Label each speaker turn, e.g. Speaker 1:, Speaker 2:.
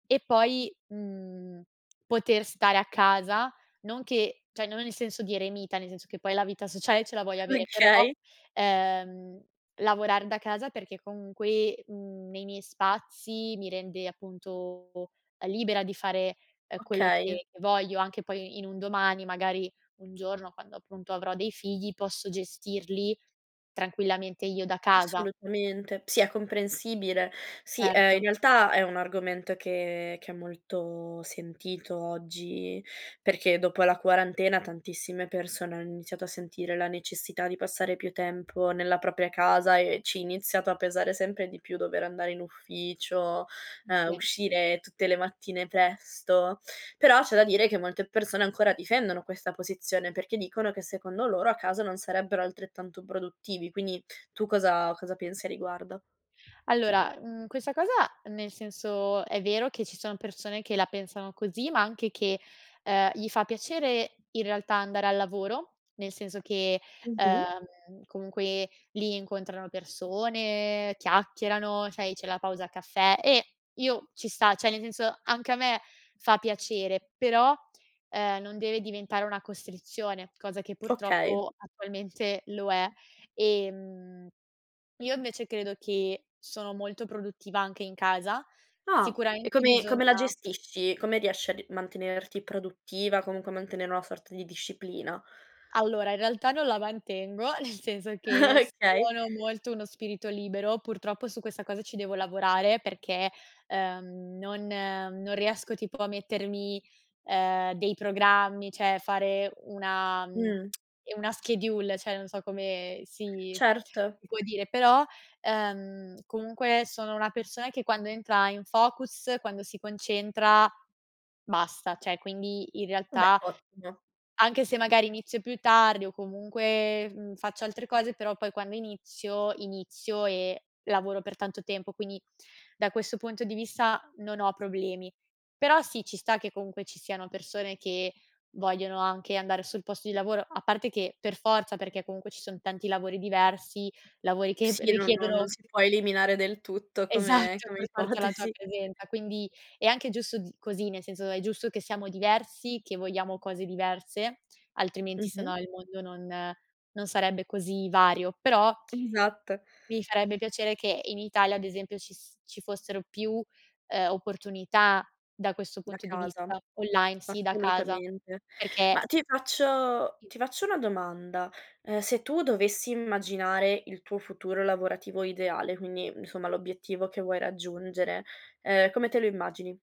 Speaker 1: E poi, mhmm, poter stare a casa, non che cioè, non nel senso di eremita, nel senso che poi la vita sociale ce la vuoi avere, però,
Speaker 2: Okay.
Speaker 1: ehm, lavorar da casa perché comunque, mhmm, nei miei spazi mi rende, appunto, libera di fare, ehm, quello
Speaker 2: Okay.
Speaker 1: che voglio anche poi in un domani, magari, un giorno quando appunto avrò dei figli, posso gestirli tranquillamente io da casa.
Speaker 2: Assolutamente, sì è comprensibile. Sì, ehm, in
Speaker 1: Erto.
Speaker 2: realtà è un argomento che che è molto sentito oggi, perché dopo la quarantena, tantissime persone hanno iniziato a sentire la necessità di passare più tempo nella propria casa e ci iniziato a pesare sempre di più dover andare in ufficio,
Speaker 1: Mh,
Speaker 2: ehm,
Speaker 1: sì.
Speaker 2: uscire tutte le mattine presto. Però, c'è da dire che, molte persone ancora difendono questa posizione perché dicono che secondo loro a casa non sarebbero altrettanto produttivi. Quindi tu cosa cosa pensi a riguardo?
Speaker 1: Allora, mhmm, questa cosa nel senso, è vero che ci sono persone che la pensano così, ma anche che, ehm, gli fa piacere in realtà andare al lavoro, nel senso che,
Speaker 2: Mh-mh.
Speaker 1: ehm, comunque lì incontrano persone, chiacchierano, c'è i c'è la pausa caffè e io ci sta, cioè, nel senso anche a me fa piacere, però, ehm, non deve diventare una costrizione, cosa che
Speaker 2: Okay.
Speaker 1: purtroppo attualmente lo è. Ehm, io invece credo che sono molto produttiva anche in casa,
Speaker 2: Ah e
Speaker 1: sicuramente
Speaker 2: come come la
Speaker 1: bisogna
Speaker 2: gestisci, come riesci a d mantenerti produttiva, comunque mantenere una sorta di disciplina?
Speaker 1: Allora in realtà non la mantengo, nel senso che
Speaker 2: Okay.
Speaker 1: sono molto uno spirito libero, purtroppo su questa cosa ci devo lavorare, perché, ehm, non non riesco tipo a mettermi, ehm, dei programmi, cioè, fare una mhmm,
Speaker 2: Mh.
Speaker 1: una schedule, cioè, non so come si
Speaker 2: Certo.
Speaker 1: si può dire, però, ehm, comunque sono una persona che quando entra in focus, quando si concentra, basta, cioè quindi, in
Speaker 2: Beh
Speaker 1: realtà
Speaker 2: ottimo.
Speaker 1: anche se magari inizio più tardi o comunque, mhmm, faccio altre cose, però poi quando inizio, inizio e lavoro per tanto tempo, quindi da questo punto di vista non ho problemi. Però sì, ci sta che comunque ci siano persone che vogliono anche andare sul posto di lavoro, a parte che per forza, perché comunque ci son tanti lavori diversi, lavori che p
Speaker 2: Sì, no non
Speaker 1: richiedono
Speaker 2: non sì può eliminare del tutto come
Speaker 1: Esatto,
Speaker 2: come
Speaker 1: per forza la tua
Speaker 2: ipotesi.
Speaker 1: presenza, quindi è anche giusto d così, nel senso è giusto che siamo diversi, che vogliamo cose diverse, altrimenti se
Speaker 2: Mh-mh.
Speaker 1: no il mondo non non sarebbe così vario, però
Speaker 2: Esatto.
Speaker 1: mi farebbe piacere che in Italia, ad esempio, ci s ci fossero più, uhm, opportunità da questo
Speaker 2: Da
Speaker 1: punto di
Speaker 2: casa,
Speaker 1: vista, online, sì da casa,
Speaker 2: assolutamente. Ma
Speaker 1: perché
Speaker 2: ti faccio
Speaker 1: Sì.
Speaker 2: ti faccio una domanda: ehm, se tu dovessi immaginare il tuo futuro lavorativo ideale, quindi insomma l'obiettivo che vuoi raggiungere, ehm, come te lo immagini?